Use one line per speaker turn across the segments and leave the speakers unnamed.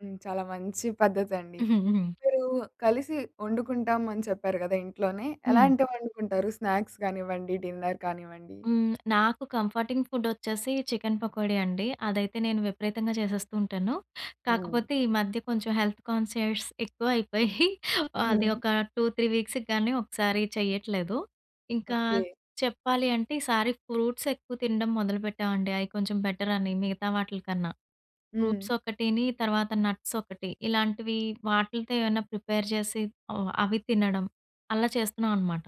హ్మ్. చాలా మంచి పద్ధతండి. మీరు కలిసి ఒండుకుంటాం అని చెప్పారు గదా! ఇంట్లోనే.
హ్మ్.
ఎలాంటివి వండుకుంటారు? స్నాక్స్ గానివ్వండి. డిన్నర్ కానివ్వండి.
హ్మ్. నాకు కంఫర్టింగ్ ఫుడొ‌చ్చేసి చికెన్ పకోడీ అండి. అదైతే నేను విపరీతంగా చేసేస్తూ ఉంటాను.
హ్మ్.
కాకపోతే ఈ మధ్య కొంచెం హెల్త్ కాన్షియస్ ఎక్కువయిపోయి, అది
హ్మ్.
ఒక 2 3 వీక్స్‌కి గానీ ఒకసారి చెయ్యట్లేదు. ఇంకా
ఓకే.
చెప్పాలి అంటే ఈసారి ఫ్రూట్స్ ఎక్కువ తినడం మొదలుపెట్టామండి. అయి కొంచెం బెటరని మిగతా వాటిలకన్నా.
హ్మ్.
ఫ్రూట్స్ ఒకటిని తర్వాత నట్స్ ఒకటి. ఇలాంటివి వాటిలతో ఏవన్నా ప్రిపేర్ చేసి, ఓ అవి తినడం. అలా చేస్తున్నామనమాట.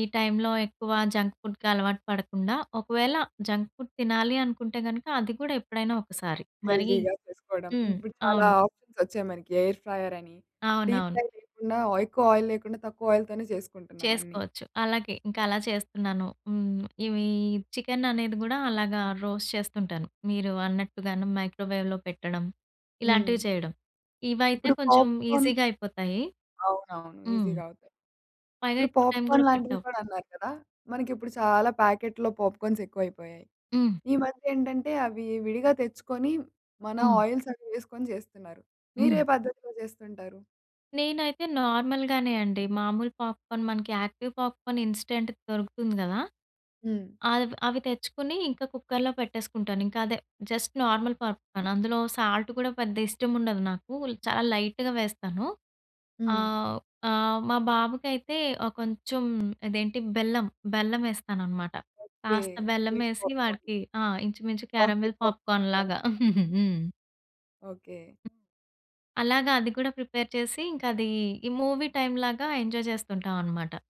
ఈ టైంలో ఎక్కువ జంక్ ఫుడ్‌కి అలవాటు పడకుండా ఒకవేళ జంక్ ఫుడ్ తినాలి అనుకుంటే గనక, అది కూడా ఎప్పుడైనా ఒకసారి. మరీ
హెల్తీగా చేసుకోవడం.
హ్మ్.
ఇప్పుడు చాలా
అవును.
ఆప్షన్స్ ఒచ్చాయి మనకి. ఎయిర్ ఫ్రయ్య‌ర్ అని, డీప్
అవునవును.
ఫ్రై లేకుండా ఎక్కువ ఆయిల్ లేకుండా తక్కువ ఆయిల్‌ తోనే చేసుకుంటున్నాం అన్నీ.
చేసుకోవచ్చు. అలాగే ఇంకా అలా చేస్తున్నాను. హ్మ్. ఇవి చికెను అనేది గూడా అలాగా రోస్ట్ చేస్తుంటాను. మీరు అన్నట్టుగాను మైక్రోవేవ్‌లో పెట్టడం, ఇలాంటివి
హ్మ్.
చేయడం. ఇవయితే
ఇప్పుడు
కొంచెం
పాప్‌కార్న్
ఈజీ‌గా అయిపోతాయి.
అవునవును.
హ్మ్.
ఈజీ‌గా అవుతయి.
పైగా
ఇప్పుడు
ఎక్కువ టైం గూడా
పాప్‌కార్న్ లాంటివి
పట్టవు.
కూడా అన్నారు కదా! మనకిప్పుడు చాలా ప్యాకెట్‌లో పాప్‌కార్న్స్ ఎక్కువయిపోయాయి.
హ్మ్.
ఈ మధ్య ఏంటంటే అవి విడిగా తెచ్చుకొని మన
హ్మ్.
ఆయిల్సవి వేసుకొని జేస్తున్నారు. మీరే
హ్మ్.
పద్ధతిలో జేస్తుంటారు?
నేనైతే నార్మల్‌ గానే అండి. మామూలు పాప్‌కార్న్ మనకి యాక్టివ్ పాప్‌కార్న్ ఇన్‌స్టంట్‌ది దొరుకుతుంది గదా!
హ్మ్.
అవి అవి తెచ్చుకొని ఇంకా కుక్కరులో పెట్టేసుకుంటాను. ఇంకదే జస్ట్ నార్మల్ పాప్‌కార్న్. అందులో సాల్ట్ కూడా పెద్దగా ఇష్టం ఉండదు నాకు, చాలా లైట్‌గా వేస్తాను.
హ్మ్.
ఆహ్, ఆహ్, మా బాబుకయితే ఆహ్, కొంచెం ఇదేంటి బెల్లం, బెల్లం ఎస్తాననమాట.
ఓకే.
కాస్త
స్వీట్
బెల్లమేసి
పాప్‌కార్న్.
వాడికి ఆ! ఇంచుమించు క్యారమెల్
పాకెట్ పాప్‌కార్న్
పాప్‌కార్న్
లాగా.
లాగా. హ్మ్.
ఓకే.
అలాగా అది కూడా ప్రిపేర్ చేసి, ఇంకది ఈ మూవీ టైమ్ లాగా ఎంజాయ్ జేస్తుంటామనమాట.